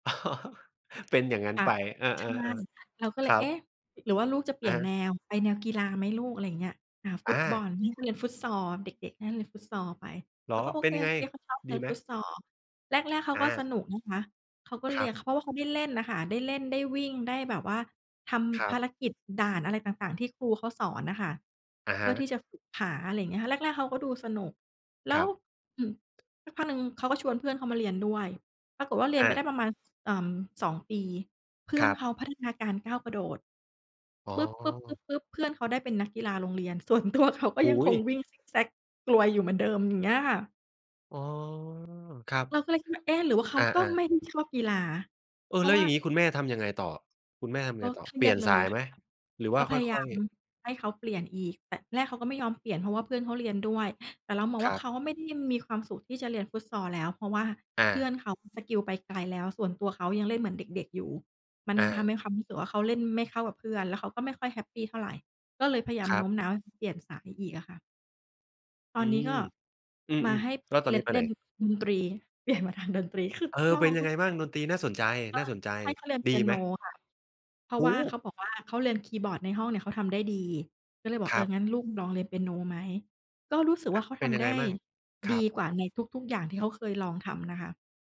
เป็นอย่างงั้นค่ะ ไป อา ใช่ ๆ เราก็ๆ เคลย รัเอ๊ะ บ หรือว่าลูกจะเปอลี่ะยนฮะ แนว ไปแนวกีฬาไหมลูก? อะไรอย่างเงี้ย อ่า ฟุอตบอา ล นี่ก็เรียนฟุตซอล เด็ก ๆ น่าเรียนฟุตซอลไป เหรเรอ าก็โอเป็เนค ยังไง ๆ เขาชอบเรดีียนไหม? ฟุตซอล แรก ๆ เขาอก็สา นุกนะคะ เขาก็คเรรีัยน บ เขาว่าเขาได้เล่นน่ะค่ะ ได้เล่น ได้วิ่ง ได้แบบว่าทครำภัาบ รกิจด่านอะไรต่าง ๆ ที่ครูเขาสอนน่ะค่ะ อะเพฮื่อทะ ี่จะฝึกขา อะไรอย่างเงี้ยค่ะ แรก ๆ เขาก็ดูสนุก แล้ครว ับ อืม สักพักหนึ่ง เขาก็ชวนเพื่อนเขามาเรียนด้วย ปรากฏว่า เรียนอไปได้า ประมาณ เอ่อ 2 ปี เพื่คอรนับ เขาพัฒนาการก้าวกระโดด อ๋อ ปึ๊บ ๆ ๆ ๆ เพื่อนเขาได้เป็นนักกีฬาโรงเรียน ส่วนตัวเขา ก็โอย้ังโคงฮ! วิ่งซิกแซ็กกลัวอยู่เหมือนเดิม อย่างเงี้ยค่ะ อ๋อ ครับ เราก็เลยคิดว่า เอ๊ะ หรือว่าเขอาก็า ไมๆ ่ได้ ชอบกีฬา เอเพอ ราแล้ะวว่อยา ่างงี้คุณแม่ทำยังไงต่อ คุณแม่ทำยักง็ไงต่อ? เครเีปลีย่ยดนเลสายยคไหม ่ะ หรือวก่า็พคยาย่าอย มๆ ให้เขาเปลี่ยนอีก แต่แรก เขาก็ไม่ยอมเปลี่ยน เพราะว่าเพื่อนเขาเรียนด้วย แต่เรามองคว่รา ัเบ ขาอะไม่ได้มีความสุขที่จะเรียนฟุตซอลแล้ว เพราะว่าอเพืา ่อนเขาสกิลไปไกลแล้ว ส่วนตัวเขายังเล่นเหมือนเด็ก ๆ อยู่ มันอทา ำให้ความรู้สึกว่า เขาเล่นไม่เข้ากับเพื่อน แล้วเขาก็ไม่ค่อยแฮปปีเท่าไร ก็เลยพยายามครโนับ ้มน้าวให้เขาเปลี่ยนสายอีกอะค่ะ ตออืนนี้กม ็ อืมาม ให้ ๆ แล้วตอเนรีนยี้น ไปเรไีหน? ยนดนตรี เปลี่ยน มาทางดนตรี คือเออ ลอเป็นงยทังุไกงอยบ้า่าง? ง ดกนตรีน่าสนใจ น่าสนใจ ็ให้เขาเรียนเปดีียไโหนม? ค่ะ เพราโะอว้่าโเขฮ! าบอกว่า เขาเรียนคีย์บอร์ดในห้องเนี่ยเขาทำได้ดี ก็เลยบอก คเอรอ ับ "งั้นลูกลองเรียนเปียโนไหม?" ก็รู้สึกว่าเขาเปท็นยำัไงดไ้ งบ้าง? คดรีับ กว่าในทุก ๆ อย่างที่เขาเคย ลองทำนะคะ